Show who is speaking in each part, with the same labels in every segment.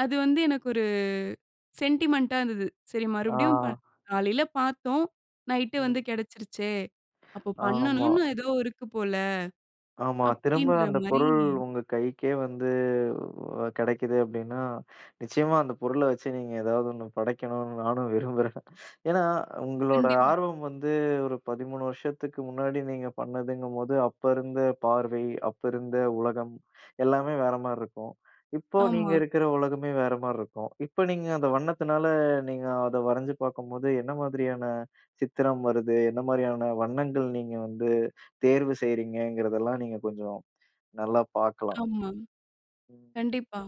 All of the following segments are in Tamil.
Speaker 1: அது வந்து எனக்கு ஒரு சென்டிமென்ட்டா இருந்தது. "சரி
Speaker 2: ஆ.
Speaker 1: மறுபடியும் ப காலையில பாத்தோம், நைட்டு வந்து
Speaker 2: ம்.
Speaker 1: கெடைச்சிருச்சே! அப்போ
Speaker 2: ஆமா.
Speaker 1: பண்ணணும்ன்னு ஏதோ இருக்கு போல."
Speaker 2: ஆமா. திரும்ப
Speaker 1: அப்டீன்ற
Speaker 2: அந்த
Speaker 1: மாரி
Speaker 2: பொருள் உங்க கைக்கே வந்து கெடைக்குது அப்டீன்னா, நிச்சயமா அந்த பொருள வச்சு நீங்க ஏதாவது ஒண்ணு படைக்கணும்ன்னு நானும் விரும்புறேன். ஏன்னா, உங்களோட
Speaker 1: கண்டிப்பா.
Speaker 2: ஆர்வம் வந்து ஒரு 13 வருஷத்துக்கு முன்னாடி நீங்க பண்ணதுங்கும்போது, அப்ப இருந்த பார்வை, அப்ப இருந்த உலகம், எல்லாமே வேற மாரி இருக்கும். இப்போ
Speaker 1: ஆமா.
Speaker 2: நீங்க இருக்குற உலகமே வேற மாரி இருக்கும். இப்ப நீங்க அந்த வண்ணத்துனால நீங்க அத வரைஞ்சு பார்க்கும்போது, என்ன மாதிரியான சித்திரம் வருது? என்ன மாரியான வண்ணங்கள் நீங்க வந்து தேர்வு செய்றீங்கங்கிறதெல்லாம் நீங்க கொஞ்சம் நல்லா பாக்கலாம்.
Speaker 1: ஆமா.
Speaker 2: ம்.
Speaker 1: கண்டிப்பா.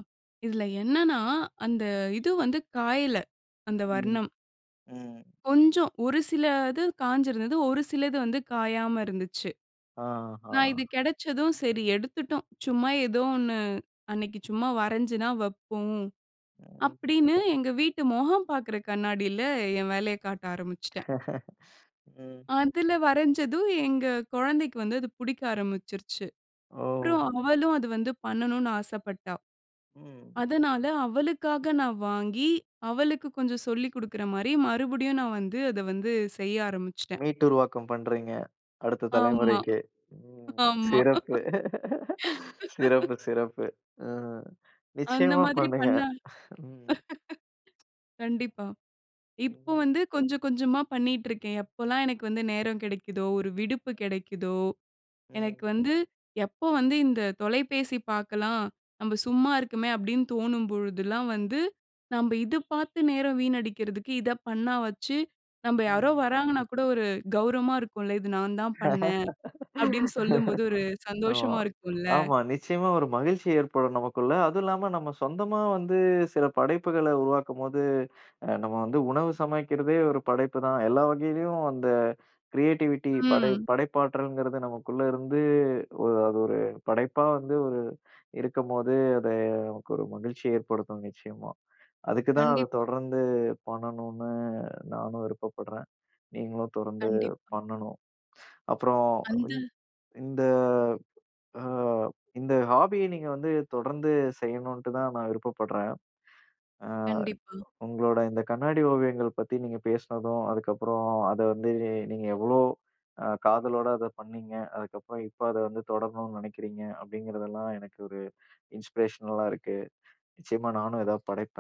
Speaker 1: இதுல என்னன்னா, அந்த இது வந்து காயல, அந்த
Speaker 2: ம்.
Speaker 1: வர்ணம்.
Speaker 2: ம்.
Speaker 1: கொஞ்சம், ஒரு சில இது காய்ஞ்சிருந்தது. ஒரு சில இது வந்து காயாம இருந்துச்சு.
Speaker 2: ஆ.
Speaker 1: நா இது
Speaker 2: ஆ.
Speaker 1: கெடைச்சதும், "சரி எடுத்துட்டோம், சும்மா எதோ ஒண்ணு அன்னைக்கு சும்மா வரைஞ்சுதான் வைப்போம்."
Speaker 2: ம்.
Speaker 1: அப்டீன்னு எங்க வீட்டு முகம் பாக்குற கண்ணாடியில, என் வேலையக் காட்ட ஆரம்பிச்சுட்டேன்.
Speaker 2: ம்.
Speaker 1: அதுல வரைஞ்சதும், எங்க குழந்தைக்கு வந்து அது புடிக்க ஆரம்பிச்சுருச்சு. அப்பறம்
Speaker 2: ஓ!
Speaker 1: அவளும் அது வந்து பண்ணனும்ன்னு ஆசப்பட்டா.
Speaker 2: ம்.
Speaker 1: அதுனால அவளுக்காக நான் வாங்கி, அவளுக்கு கொஞ்சம் சொல்லிக் குடுக்குற மாரி, மறுபடியும் நான் வந்து அத வந்து செய்ய ஆரம்பிச்சுட்டேன்.
Speaker 2: மீட்டு உருவாக்கம் பண்றீங்க, அடுத்த
Speaker 1: ஆமா.
Speaker 2: தலைமுறைக்கே. ம்,
Speaker 1: ஆமா.
Speaker 2: சிறப்பு. சிறப்பு, சிறப்பு. ம்.
Speaker 1: அந்த
Speaker 2: நிச்சயமா
Speaker 1: மாதிரி
Speaker 2: பண்ணுங்க.
Speaker 1: பண்ணா
Speaker 2: ம்.
Speaker 1: கண்டிப்பா. இப்போ
Speaker 2: ம்.
Speaker 1: வந்து கொஞ்சம் கொஞ்சமா பண்ணீட்டுருக்கேன். எப்போலாம் எனக்கு வந்து நேரம் கெடைக்குதோ, ஒரு விடுப்பு கெடைக்குதோ, எனக்கு
Speaker 2: ம்.
Speaker 1: வந்து எப்போ வந்து, "இந்த தொலைபேசி பாக்கலாம். நம்ம சும்மா இருக்கமே." அப்டீன்னு தோணும் பொழுதெல்லாம் வந்து, நம்ப இத பார்த்து நேரம் வீணடிக்கிறதுக்கு, இத பண்ணா வாச்சு நம்ப யாரோ
Speaker 2: ம்.
Speaker 1: வராங்கன்னா கூட ஒரு கௌரவமா இருக்கும்ல்ல, "இது நான் தான் பண்ணேன்." அப்படீன்னு சொல்லும்போது ஒரு
Speaker 2: ஆமா,
Speaker 1: சந்தோஷமா இருக்கும்ல்ல.
Speaker 2: ஆமா. நிச்சயமா ஒரு மகிழ்ச்சி ஏற்படும் நமக்குள்ள. அதுவும் இல்லாம நம்ம சொந்தமா வந்து சில படைப்புகள உருவாக்கும்போது, அ நம்ம வந்து உணவு சமைக்கிறதே ஒரு படைப்புதான். எல்லா வகையிலேயும் அந்த கிரியேட்டிவிட்டி படை
Speaker 1: ம்.
Speaker 2: படைப்பாற்றல்ங்கிறது நமக்குள்ள இருந்து ஒரு அது ஒரு படைப்பா வந்து ஒரு இருக்கும்போது, அத நமக்கு ஒரு மகிழ்ச்சிய ஏற்படுத்தும் நிச்சயமா. அதுக்குதான் அத
Speaker 1: கண்டிப்பா.
Speaker 2: தொடர்ந்து பண்ணணுன்னு நானும் விருப்பப்படுறேன். நீங்களும் தொடர்ந்து
Speaker 1: கண்டிப்பா.
Speaker 2: பண்ணணும். அப்பறம்
Speaker 1: அந்த
Speaker 2: இ இந்த அ இந்த ஹாபிய நீங்க வந்து தொடர்ந்து செய்யணுன்ட்டு தான் நான் விருப்பப்படுறேன். அ
Speaker 1: கண்டிப்பா.
Speaker 2: உங்களோட இந்த கண்ணாடி ஓவியங்கள் பத்தி நீங்க பேசுனதும், அதுக்கப்பறம் அத வந்து நீங்க எவ்ளோ அ காதலோட அத பண்ணீங்க, அதுக்கப்பறம் இப்ப அத வந்து தொடரணும்ன்னு நெனைக்கிறீங்க. அப்டீங்கறதெல்லாம் எனக்கு ஒரு இன்ஸ்பிரேஷனலா இருக்கு. நிச்சயமா நானும் எதாவது படைப்பேன்.